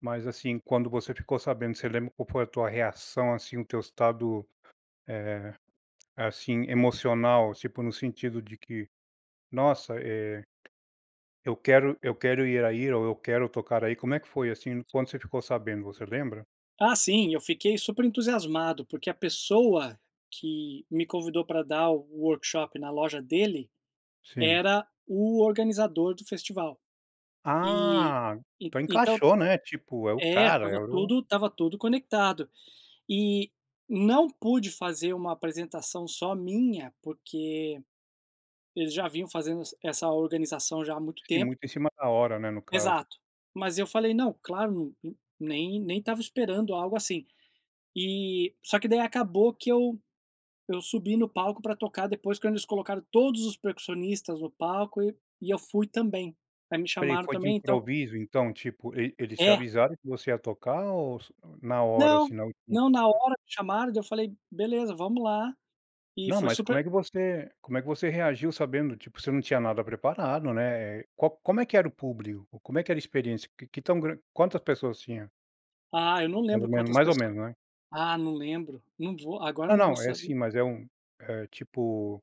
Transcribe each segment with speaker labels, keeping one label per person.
Speaker 1: Mas assim, quando você ficou sabendo, você lembra qual foi a tua reação, assim, o teu estado, eh, assim, emocional, tipo no sentido de que, “Nossa, eh, eu quero eu quero ir aí” ou “Eu quero tocar aí”? Como é que foi assim, quando você ficou sabendo, você lembra?
Speaker 2: Ah sim, eu fiquei super entusiasmado, porque a pessoa que me convidou pra dar o workshop na loja dele
Speaker 1: Sim.
Speaker 2: era o organizador do festival. E
Speaker 1: Ah! Então
Speaker 2: então
Speaker 1: encaixou, né, tipo é o
Speaker 2: é,
Speaker 1: cara, é
Speaker 2: estava
Speaker 1: o
Speaker 2: tudo estava tudo conectado, e não pude fazer uma apresentação só minha, porque eles já vinham fazendo essa organização já há muito
Speaker 1: Sim,
Speaker 2: tempo.
Speaker 1: muito em cima da hora, né, no caso.
Speaker 2: Exato. Mas eu falei: “Não, claro, nem nem estava esperando algo assim.”, eh só que daí acabou que eu eu subi no palco pra tocar, depois quando eles colocaram todos os percussionistas no palco, e e eu fui também. Aí me
Speaker 1: Espera aí,
Speaker 2: chamaram
Speaker 1: foi de
Speaker 2: também, então
Speaker 1: improviso então, tipo, eles te
Speaker 2: É.
Speaker 1: avisaram que você ia tocar ou se na hora
Speaker 2: Não,
Speaker 1: assim, na última
Speaker 2: não na hora que chamaram, daí eu falei: "Beleza, vamos lá". E
Speaker 1: Não,
Speaker 2: foi
Speaker 1: mas como é
Speaker 2: super
Speaker 1: que você, como é que você reagiu sabendo, tipo, você não tinha nada preparado, né. Qual, como é que era o público, como é que era a experiência? Que tão gran quantas pessoas tinha?
Speaker 2: Ah, eu não
Speaker 1: Mais ou
Speaker 2: lembro
Speaker 1: menos,
Speaker 2: quantas
Speaker 1: mais ou
Speaker 2: pessoas,
Speaker 1: menos, né?
Speaker 2: ah, não lembro. Não vou, agora
Speaker 1: Não,
Speaker 2: não vou
Speaker 1: não, é
Speaker 2: saber.
Speaker 1: assim, mas é um eh, tipo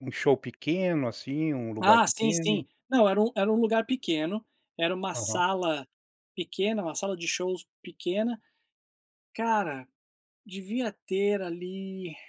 Speaker 1: um show pequeno, assim, um lugar
Speaker 2: Ah sim
Speaker 1: pequeno?
Speaker 2: sim, não era um era um lugar pequeno, era uma
Speaker 1: Aham.
Speaker 2: sala pequena, uma sala de shows pequena. Cara, devia ter ali